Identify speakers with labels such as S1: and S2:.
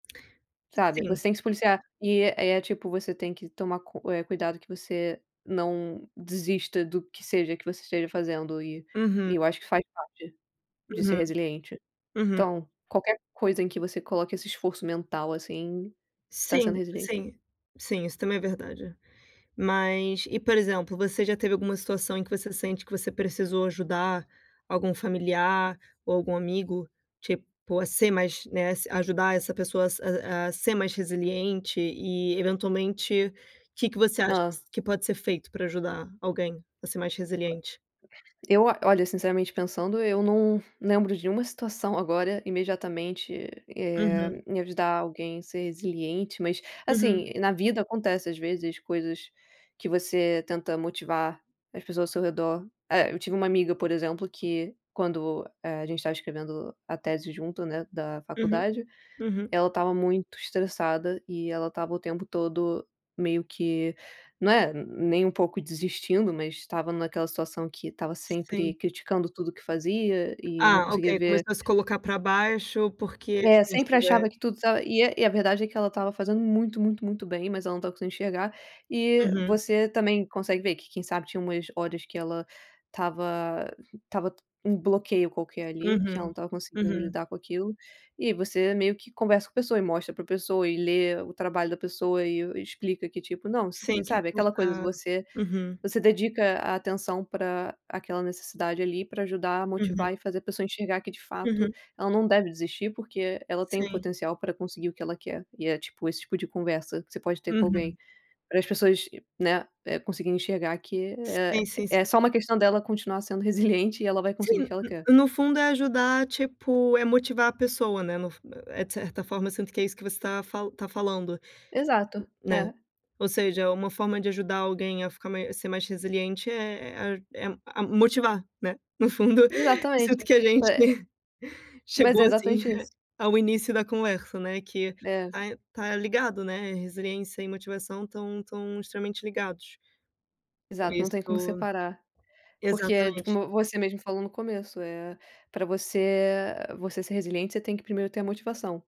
S1: Sabe,
S2: Sim.
S1: você tem que se policiar, e é tipo você tem que tomar cu eh, cuidado que você não desista do que seja, que você esteja fazendo e
S2: Uhum.
S1: e eu acho, que faz parte de ser
S2: Uhum,
S1: resiliente,
S2: uhum.
S1: então, qualquer coisa em que você coloque esse esforço mental, assim, você tá sendo
S2: Sim,
S1: resiliente.
S2: sim, sim isso também é verdade, mas e por exemplo, você já teve alguma situação, em que você sente, que você precisou ajudar algum familiar, ou algum amigo tipo, a ser mais, né, a se a ajudar, essa pessoa a ser mais resiliente, e eventualmente que, que você acha
S1: Hã.
S2: que pode ser feito, pra ajudar alguém a ser mais resiliente?
S1: Eu, olha, sinceramente pensando, eu não lembro de nenhuma situação agora, imediatamente, e,
S2: Uhum.
S1: eh, em ajudar alguém, ser resiliente, mas,
S2: Uhum.
S1: assim, na vida acontece às vezes coisas, que você tenta motivar as pessoas ao seu redor, eh, eu tive uma amiga por exemplo, que quando, eh, a gente estava escrevendo a tese junto, né, da
S2: Uhum,
S1: faculdade,
S2: uhum.
S1: ela estava muito estressada, e ela estava o tempo todo meio que, né, nem um pouco desistindo, mas estava naquela situação, que estava sempre
S2: Sim.
S1: criticando tudo que fazia, e não
S2: Ah
S1: conseguia
S2: ok,
S1: ver
S2: começou a se colocar pra baixo, porque
S1: É,
S2: isso
S1: sempre
S2: já é
S1: achava que tudo tá e e a verdade é que ela estava fazendo muito, muito, muito bem, mas ela não estava conseguindo enxergar, e
S2: Uhum.
S1: você também consegue ver, que quem sabe, tinha umas horas que ela estava estava t um bloqueio qualquer ali, que ela não
S2: Uhum,
S1: estava conseguindo
S2: uhum.
S1: lidar com aquilo. E você meio que conversa com a pessoa, e mostra para pessoa, e lê o trabalho da pessoa, e o explica que, tipo, não
S2: Sim, que
S1: sabe aquela coisa de
S2: fica
S1: você.
S2: uhum.
S1: Você dedica a atenção pra aquela necessidade ali, pra ajudar a
S2: Uhum.
S1: motivar e fazer a pessoa enxergar, que de fato
S2: Uhum.
S1: ela não deve desistir, porque ela tem
S2: Sim.
S1: potencial pra conseguir o que ela quer, e é tipo esse tipo de conversa, que você pode ter com
S2: Uhum.
S1: alguém, pra as pessoas, né, conseguir enxergar que
S2: Sim,
S1: é
S2: sim, sim.
S1: é só uma questão dela continuar sendo resiliente, e ela vai conseguir o que
S2: Sim,
S1: ela quer.
S2: no no fundo é ajudar, tipo é motivar a pessoa, né, no fu é de certa forma, sendo que é isso que você tava tá falando,
S1: Exato,
S2: né,
S1: é.
S2: ou seja, uma forma de ajudar alguém, a ficar mais ser mais resiliente é é a é motivar, né, no fundo, e sinto
S1: Exatamente,
S2: que a gente,
S1: é mas
S2: chegou,
S1: é
S2: assim,
S1: exatamente
S2: eh,
S1: isso.
S2: ao início da conversa, né, que
S1: É.
S2: tá tá ligado, né, resiliência e motivação estão estão extremamente ligados. Por
S1: Exato, não tem como
S2: isso
S1: separar, porque tipo,
S2: exatamente.
S1: você mesmo falou no começo, eh, pra você você ser resiliente, você tem que primeiro ter a motivação.